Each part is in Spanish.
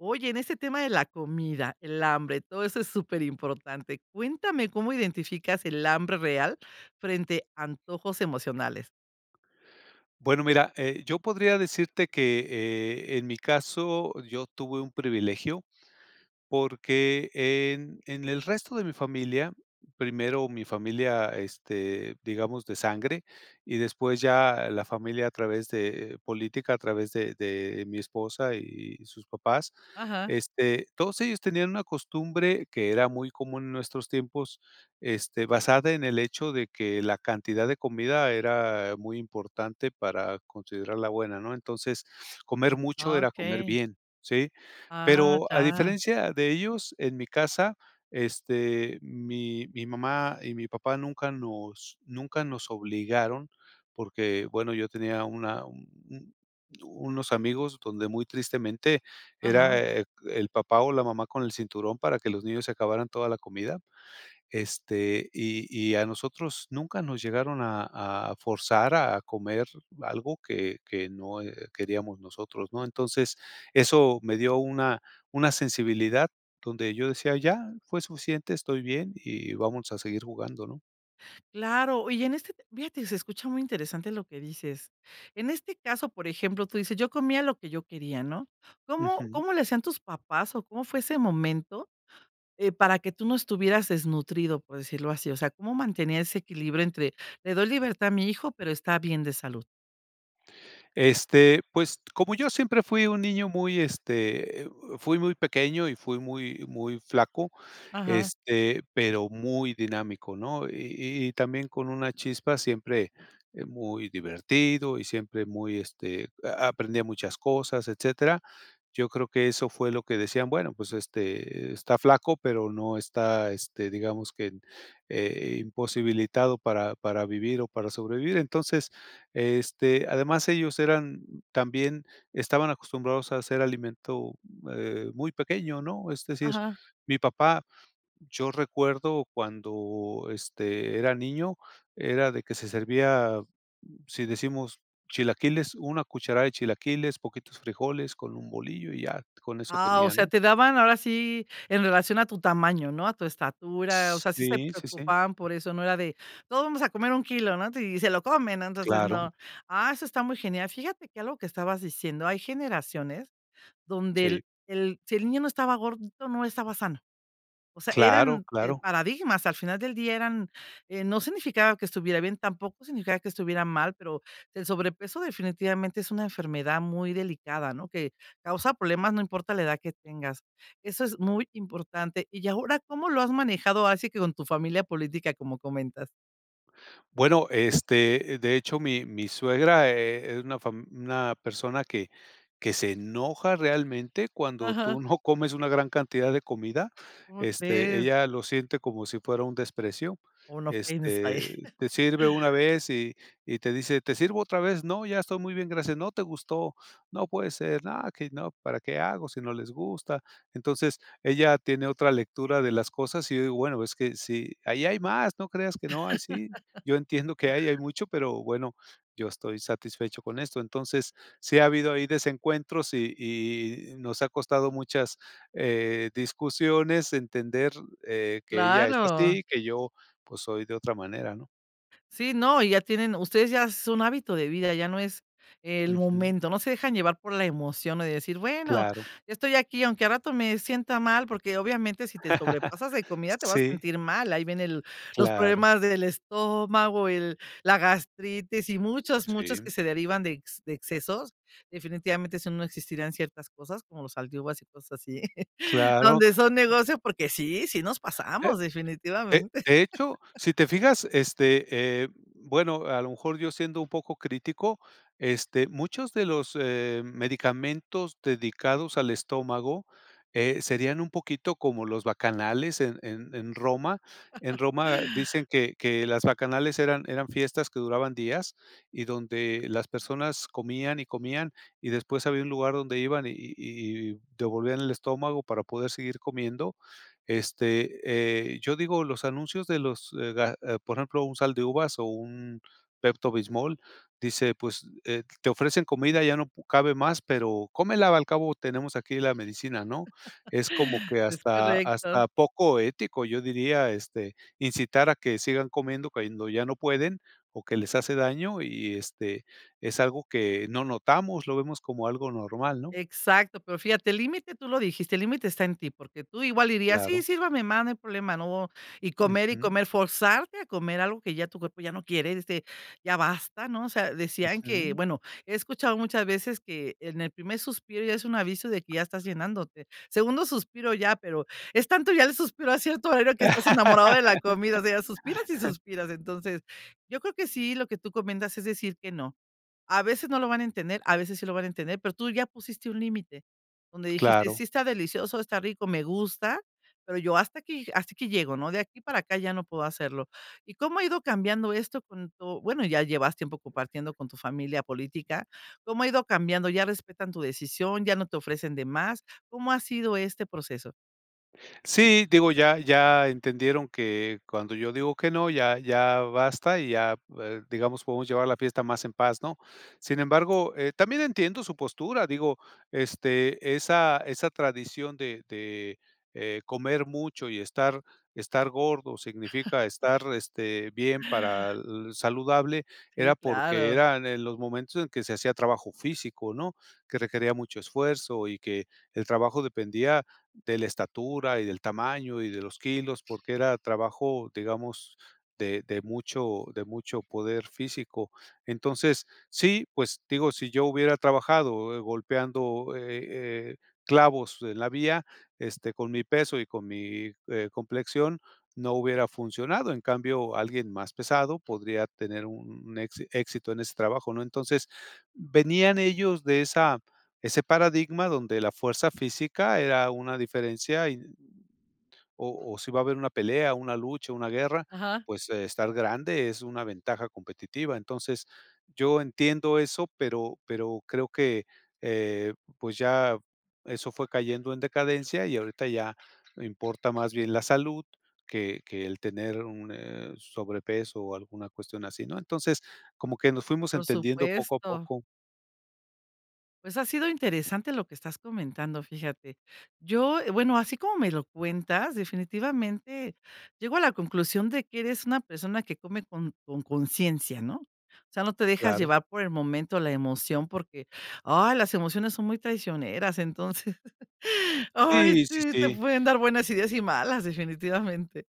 Oye, en este tema de la comida, el hambre, todo eso es súper importante. Cuéntame cómo identificas el hambre real frente a antojos emocionales. Bueno mira, eh, yo podría decirte que, eh, en mi caso yo tuve un privilegio, porque en en el resto de mi familia, primero mi familia, este, digamos de sangre, y después ya la familia a través de política, a través de de mi esposa y sus papás. Ajá. Este, todos ellos tenían una costumbre que era muy común en nuestros tiempos, este, basada en el hecho de que la cantidad de comida era muy importante para considerarla buena, ¿no? Entonces, comer mucho era comer Okey. bien, ¿sí? Ah, Pero a ya. diferencia de ellos, en mi casa, este, mi mi mamá y mi papá nunca nos nunca nos obligaron, porque bueno yo tenía una un un unos amigos donde muy tristemente era, Ajá. eh, el papá, o, la mamá con el cinturón para que los niños se acabaran toda la comida. Este, y y a nosotros nunca nos llegaron a a forzar a comer algo que que no, eh, queríamos nosotros, ¿no? Entonces, eso me dio una una sensibilidad donde yo decía: "Ya, fue suficiente, estoy bien y vamos a seguir jugando", ¿no? Claro, y en este fíjate se escucha muy interesante lo que dices. En este caso, por ejemplo, tú dices: "Yo comía lo que yo quería", ¿no? ¿Cómo Ujú. cómo le hacían tus papás, o, cómo fue ese momento, eh, para que tú no estuvieras desnutrido? Por decirlo así, o sea, ¿cómo mantenía ese equilibrio entre le doy libertad a mi hijo, pero está bien de salud? Este, pues, como yo siempre fui un niño muy, este, eh, fui muy pequeño y fui muy muy flaco, Ajá. este, pero muy dinámico ¿no? Y y también con una chispa, siempre muy divertido, y siempre muy, este, aprendía muchas cosas, etcétera. Yo creo que eso fue lo que decían: "Bueno, pues, este, está flaco pero no está, este, digamos que, eh, imposibilitado para para vivir, o, para sobrevivir". Entonces, este, además ellos eran también estaban acostumbrados a hacer alimento, eh, muy pequeño, ¿no? Es decir Ajá. mi papá, yo recuerdo, cuando, este, era niño era de que se servía si decimos chilaquiles, una cucharada de chilaquiles, poquitos frijoles con un bolillo, y ya, con eso Ah, o tenía, sea, ¿no? te daban ahora sí en relación a tu tamaño, ¿no? A tu estatura, o S sea, sí se sí, sí, sí. preocupaban por eso, no era de todos vamos a comer un kilo, ¿no? Y se lo comen, no, entonces Claro. no. Ah, eso está muy genial. Fíjate que algo que estabas diciendo, hay generaciones donde Sí. el el si el niño no estaba gordito, no estaba sano. O sea, Claro, eran, eh, claro. paradigmas, al final del día eran, eh, no significaba que estuviera bien, tampoco significaba que estuviera mal, pero el sobrepeso definitivamente es una enfermedad muy delicada, ¿no? Que causa problemas, no importa la edad que tengas. Eso es muy importante. ¿Y ahora cómo lo has manejado así que con tu familia política, como comentas? Bueno, este, de hecho, mi mi suegra e es una fam una persona que que se enoja realmente cuando tú Ajá. no comes una gran cantidad de comida, ¿Cómo este, crees? ella lo siente como si fuera un desprecio. Como no pensé. Este, te sirve una vez, y y te dice: "¿Te sirvo otra vez?", "No, ya estoy muy bien, gracias". "No te gustó, no puede ser". "No, que no, ¿para qué hago si no les gusta?". Entonces, ella tiene otra lectura de las cosas, y bueno, es que si ahí hay más, no creas que no hay, sí. Yo entiendo que hay, hay mucho, pero bueno, yo estoy satisfecho con esto. Entonces sí ha habido ahí desencuentros, y y nos ha costado muchas, eh, discusiones entender, eh, que ella es así, Claro. y que yo, pues, soy de otra manera, ¿no? Sí, no, y ya tienen ustedes ya es un hábito de vida, ya no es el Ujú. momento, no se dejan llevar por la emoción de decir: "Bueno, Claro. estoy aquí, aunque al rato me sienta mal", porque obviamente si te sobrepasas de comida te vas a Sí. sentir mal. Ahí viene el, los Claro. problemas del estómago, el la gastritis y muchos, muchos que Sí. se derivan de ex de excesos. Definitivamente, eso no, no existirían ciertas cosas como los Sal de Uvas y cosas así. Claro. Donde son negocio, porque sí, sí nos Eh, pasamos de definitivamente. de hecho, si te fijas, este, eh, bueno, a lo mejor yo siendo un poco crítico, este, muchos de los, eh, medicamentos dedicados al estómago, eh, serían un poquito como los bacanales en en en Roma. En Roma dicen que que las bacanales eran eran fiestas que duraban días, y donde las personas comían, y comían, y después había un lugar donde iban, y y y devolvían el estómago para poder seguir comiendo. Este, eh, yo digo los anuncios de los, eh ga ah, por ejemplo, un Sal de Uvas o un Pepto Bismol dice, pues, eh, te ofrecen comida ya no cabe más, pero, cómela al cabo tenemos aquí la medicina, ¿no? Es como que Es hasta correcto. hasta poco ético yo diría, este, incitar a que sigan comiendo cuando ya no pueden o que les hace daño, y este es algo que no notamos, lo vemos como algo normal, ¿no? Exacto, pero fíjate, el límite tú lo dijiste, el límite está en ti, porque tú igual dirías: "Sí, Claro. sírvame, más, no hay problema", no, y comer, y Ujú. comer, forzarte a comer algo que ya tu cuerpo ya no quiere, este, ya basta ¿no? O sea, decían que, Ujú. bueno, he escuchado muchas veces que en el primer suspiro ya es un aviso de que ya estás llenándote. Segundo suspiro ya, pero es tanto ya el suspiro a cierto horario que estás enamorado de la comida, o sea, suspiras y suspiras. Entonces, yo creo que sí, lo que tú comentas es decir que no, a veces no lo van a entender, a veces sí lo van a entender, pero tú ya pusiste un límite donde dijiste: Claro. "Sí, está delicioso, está rico, me gusta, pero yo hasta aquí hasta aquí llego", ¿no?, de aquí para acá, ya no puedo hacerlo. Y cómo ha ido cambiando esto con tu bueno, ya llevas tiempo compartiendo con tu familia política, ¿cómo ha ido cambiando? ¿Ya respetan tu decisión, ya no te ofrecen de más? ¿Cómo ha sido este proceso? Sí, digo ya ya entendieron que cuando yo digo que no, ya ya basta y ya, eh, digamos, podemos llevar la fiesta más en paz, ¿no? Sin embargo, eh, también entiendo su postura, digo, este, esa esa tradición de de, eh, comer mucho y estar estar gordo significa estar, este, bien para-l saludable era Sí, porque claro. eran en los momentos en que se hacía trabajo físico, ¿no?, que requería mucho esfuerzo y que el trabajo dependía de la estatura y del tamaño y de los kilos porque era trabajo, digamos, de de mucho, de mucho poder físico. Entonces, sí, pues, digo, si yo hubiera trabajado golpeando, eh eh, clavos en la vía, este, con mi peso y con mi, eh, complexión, no hubiera funcionado, en cambio, alguien más pesado podría tener un, exi éxito en ese trabajo, ¿no? Entonces venían ellos de esa ese paradigma donde la fuerza física era una diferencia, y, o o si iba a haber una pelea, una lucha, una guerra, Ajá. pues estar grande, es una ventaja competitiva. Entonces, yo entiendo eso, pero pero creo que, eh, pues ya eso fue cayendo en decadencia, y ahorita ya importa más bien la salud que que el tener un, eh, sobrepeso, o, alguna cuestión así, ¿no? Entonces como que nos fuimos Por entendiendo poco a supuesto. poco. Pues, ha sido interesante lo que estás comentando, fíjate. Yo eh, bueno así como me lo cuentas definitivamente llego a la conclusión de que eres una persona que come con, con, conciencia, ¿no? O sea, no te dejas Claro. llevar por el momento, o, la emoción, porque, ah, las emociones son muy traicioneras, entonces, ay, Sí, sí, si, te sí. pueden dar buenas ideas y malas, definitivamente.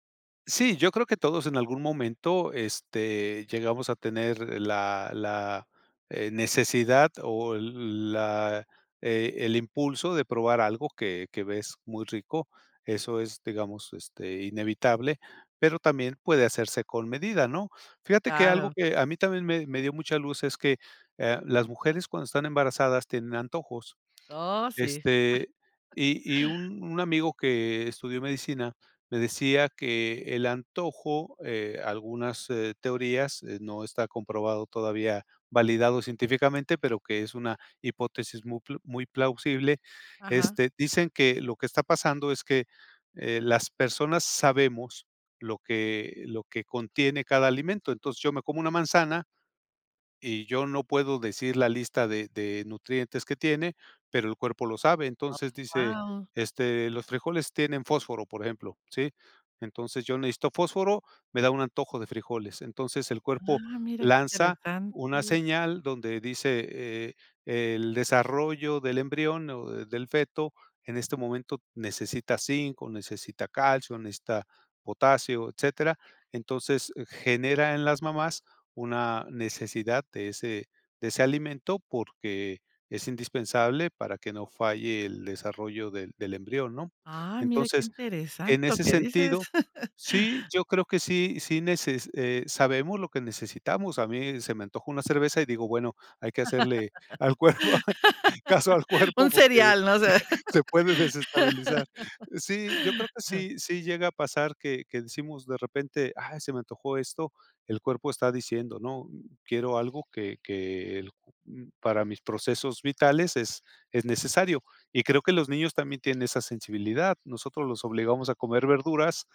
Sí, yo creo que todos en algún momento, este, llegamos a tener la, la, eh, necesidad, o, el la e el impulso de probar algo que que ves muy rico, eso es, digamos, este, inevitable, pero también puede hacerse con medida, ¿no? Fíjate que algo Claro. que a mí también me me dio mucha luz es que, ah, las mujeres cuando están embarazadas tienen antojos. Oh, sí. Este, y y un un amigo que estudió medicina me decía que el antojo, eh, algunas, eh, teorías, eh, no está comprobado todavía, validado científicamente, pero que es una hipótesis muy pl muy plausible. Ajá. Este, dicen que lo que está pasando es que, eh, las personas sabemos lo que, lo que contiene cada alimento. Entonces, yo me como una manzana, y yo no puedo decir la lista de de nutrientes que tiene, pero el cuerpo lo sabe. Oh, Entonces dice, wao. este, "los frijoles tienen fósforo, por ejemplo", ¿sí? "Entonces yo necesito fósforo, me da un antojo de frijoles". Entonces el cuerpo Ah, mira qué lanza una interesante. señal donde dice, eh, el desarrollo del embrión, o, del feto en este momento necesita zinc, o, necesita calcio, o, necesita potasio, etcétera. Entonces genera en las mamás una necesidad de ese de ese alimento, porque es indispensable para que no falle el desarrollo del del embrión, ¿no? Ay, mira qué Entonces, interesante en lo ese que dices. sentido, sí, yo creo que sí, sí neces eh, sabemos lo que necesitamos. A mí se me antojó una cerveza, y digo: "Bueno, hay que hacerle al cuerpo caso al cuerpo Un porque cereal, no sé. se puede desestabilizar". Sí, yo creo que sí, sí llega a pasar que, que decimos de repente: "Ay, se me antojó esto", el cuerpo está diciendo ¿no? "Quiero algo", que que el para mis procesos vitales es es necesario, y creo que los niños también tienen esa sensibilidad. Nosotros los obligamos a comer verduras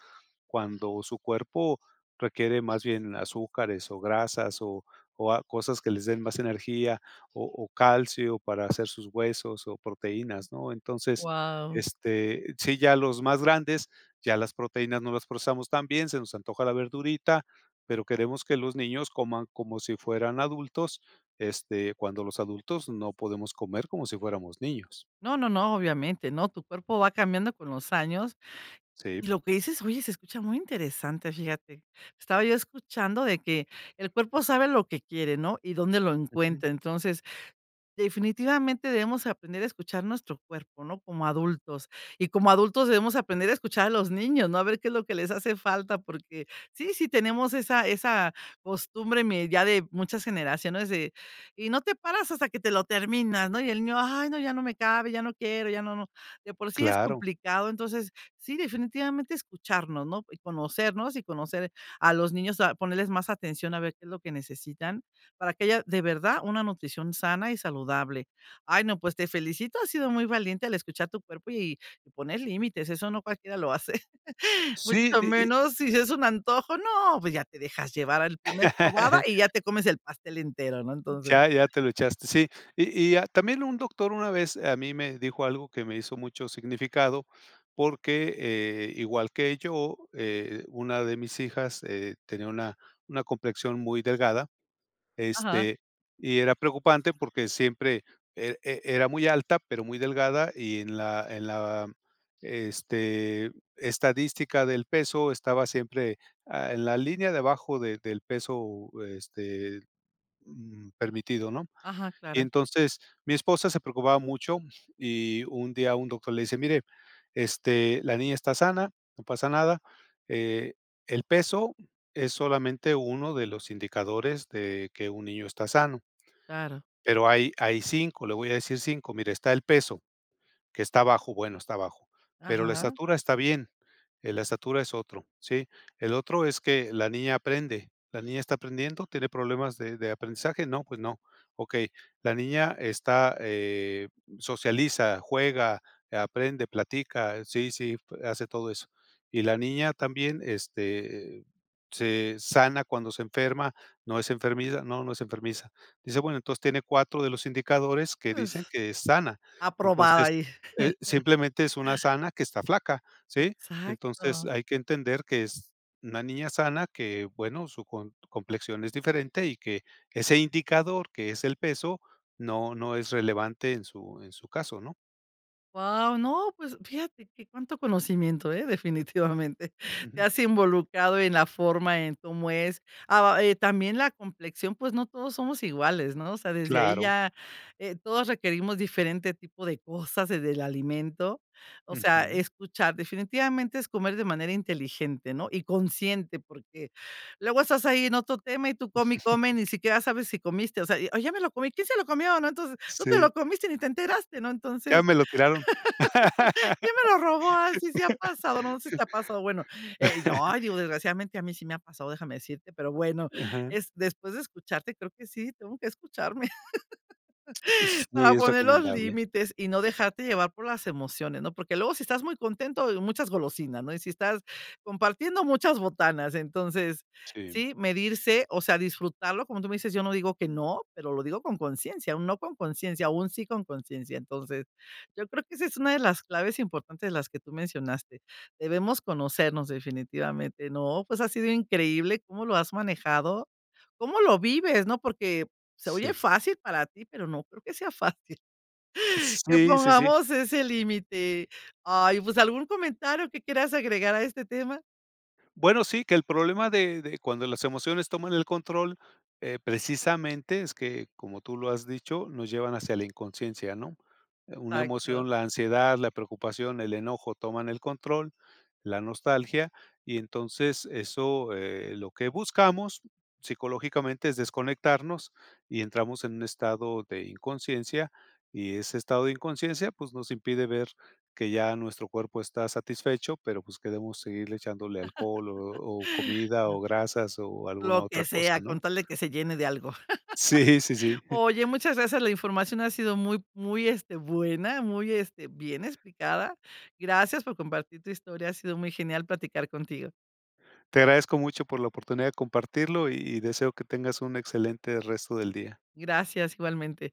cuando su cuerpo requiere más bien azúcares, o, grasas, o o a cosas que les den más energía, o o, calcio para hacer sus huesos, o, proteínas, ¿no? Entonces, Wao. este, sí, ya los más grandes ya las proteínas no las procesamos tan bien, se nos antoja la verdurita, pero queremos que los niños coman como si fueran adultos, este, cuando los adultos no podemos comer como si fuéramos niños. No, no, no, obviamente. No, tu cuerpo va cambiando con los años, Sí. y lo que dices, oye, se escucha muy interesante, fíjate. Estaba yo escuchando de que, el cuerpo sabe lo que quiere, ¿no? Y dónde lo Ujú. encuentra. Entonces, definitivamente debemos aprender a escuchar nuestro cuerpo, ¿no?, como adultos. Y como adultos debemos aprender a escuchar a los niños, ¿no? A ver qué es lo que les hace falta, porque sí, sí tenemos esa esa costumbre me ya de muchas generaciones, de: "Y no te paras hasta que te lo terminas", ¿no? Y el niño: "Ay, no, ya no me cabe, ya no quiero, ya no, no". De por sí es Claro. complicado, entonces, sí, definitivamente escucharnos, ¿no? Y conocernos y conocer a los niños, a ponerles más atención, a ver qué es lo que necesitan para que haya de verdad una nutrición sana y saludable. Ay, no, pues te felicito, has sido muy valiente al escuchar tu cuerpo y poner límites eso no cualquiera lo hace, Si, mucho y y menos si es un antojo, ¿no? Pues ya te dejas llevar a la primer probada y ya te comes el pastel entero, ¿no? Entonces Ya ya te lo echaste, sí. Y y, ah, también un doctor una vez a mí me dijo algo que me hizo mucho significado porque, eh, igual que yo, eh, una de mis hijas, eh, tenía una una complexión muy delgada, Ajá. este, y era preocupante porque siempre, eh, e era muy alta pero muy delgada y en la en la este, estadística del peso estaba siempre, ah, en la línea de abajo de del peso, este, mm, permitido, ¿no? Ajá, Y claro. entonces, mi esposa se preocupaba mucho, y un día un doctor le dice: "Mire, este, la niña está sana, no pasa nada. Eh, el peso es solamente uno de los indicadores de que un niño está sano". Claro. Pero hay, hay 5, le voy a decir 5. Mire: "Está el peso, que está bajo, bueno, está bajo, pero la Ajá. estatura está bien, eh, la estatura es otro", ¿sí? "El otro es que la niña aprende, ¿la niña está aprendiendo, tiene problemas de de aprendizaje?". "No, pues no". "Okey, ¿la niña está, eh, socializa, juega, aprende, platica?". "Sí, sí, hace todo eso". "¿Y la niña también, este, se sana cuando se enferma, no es enfermiza?". "No, no es enfermiza". Dice: "Bueno, entonces tiene 4 de los indicadores que dicen Pues, que es sana. aprobada Entonces, ahí. eh, simplemente es una sana que está flaca", ¿sí? "Entonces Exácto. hay que entender que es una niña sana que, bueno, su com complexión es diferente y que que ese indicador, que es el peso, no no es relevante en su en su caso", ¿no? Wao, no, pues fíjate que cuánto conocimiento, eh, definitivamente. Te has involucrado en la forma, en cómo es. Ah eh, también la complexión, pues, no todos somos iguales, ¿no? O sea, desde ahí Claro. ya, eh, todos requerimos diferente tipo de cosas, desde el alimento. O sea, Ujú. escuchar definitivamente es comer de manera inteligente, ¿no? Y consciente, porque luego estás ahí en otro tema, y tú come y come, ni siquiera sabes si comiste, o sea, o: "ya me lo comí". "¿Quién se lo comió?", ¿no? Entonces, tú te Sí. lo comiste y ni te enteraste, ¿no? Ya Entonces, me lo tiraron. "¿quién me lo robó?". Ah, sí, sí ha pasado, ¿no? Sí te ha pasado ¿no? Bueno eh, yo, ay, digo, desgraciadamente, a mí sí me ha pasado, déjame decirte, pero bueno, Ajá. eh, después de escucharte, creo que sí, tengo que escucharme. Sí, Para es poner los recomendable. límites y no dejarte llevar por las emociones, ¿no? Porque luego, si estás muy contento, muchas golosinas, ¿no? Y si estás compartiendo muchas botanas, entonces Sí. sí, medirse, o sea, disfrutarlo, como tú me dices, yo no digo que no, pero lo digo con conciencia, o un no con conciencia, o un sí con conciencia. Entonces, yo creo que esa es una de las claves importantes de las que tú mencionaste. Debemos conocernos definitivamente, ¿no? Pues, ha sido increíble cómo lo has manejado, cómo lo vives, ¿no? Porque se oye Sí. fácil para ti, pero no creo que sea fácil. Que Sí, sí, sí. pongamos ese límite. Ay, pues, ¿algún comentario que quieras agregar a este tema? Bueno, sí, que el problema de de cuando las emociones toman el control, eh, precisamente es que, como tú lo has dicho, nos llevan hacia la inconsciencia, ¿no? Una Exácto. emoción, la ansiedad, la preocupación, el enojo, toman el control, la nostalgia y entonces eso, eh, lo que buscamos psicológicamente es desconectarnos y entramos en un estado de inconsciencia y ese estado de inconsciencia, pues, nos impide ver que ya nuestro cuerpo está satisfecho, pero, pues, queremos seguirle echándole alcohol, o o, comida, o, grasas, o, Lo alguna que otra sea cosa, ¿no? con tal de que se llene de algo. Sí, sí, sí. Oye, muchas gracias. La información ha sido muy, muy, este, buena, muy, este, bien explicada. Gracias por compartir tu historia. Ha sido muy genial platicar contigo. Te agradezco mucho por la oportunidad de compartirlo, y deseo que tengas un excelente resto del día. Gracias, igualmente.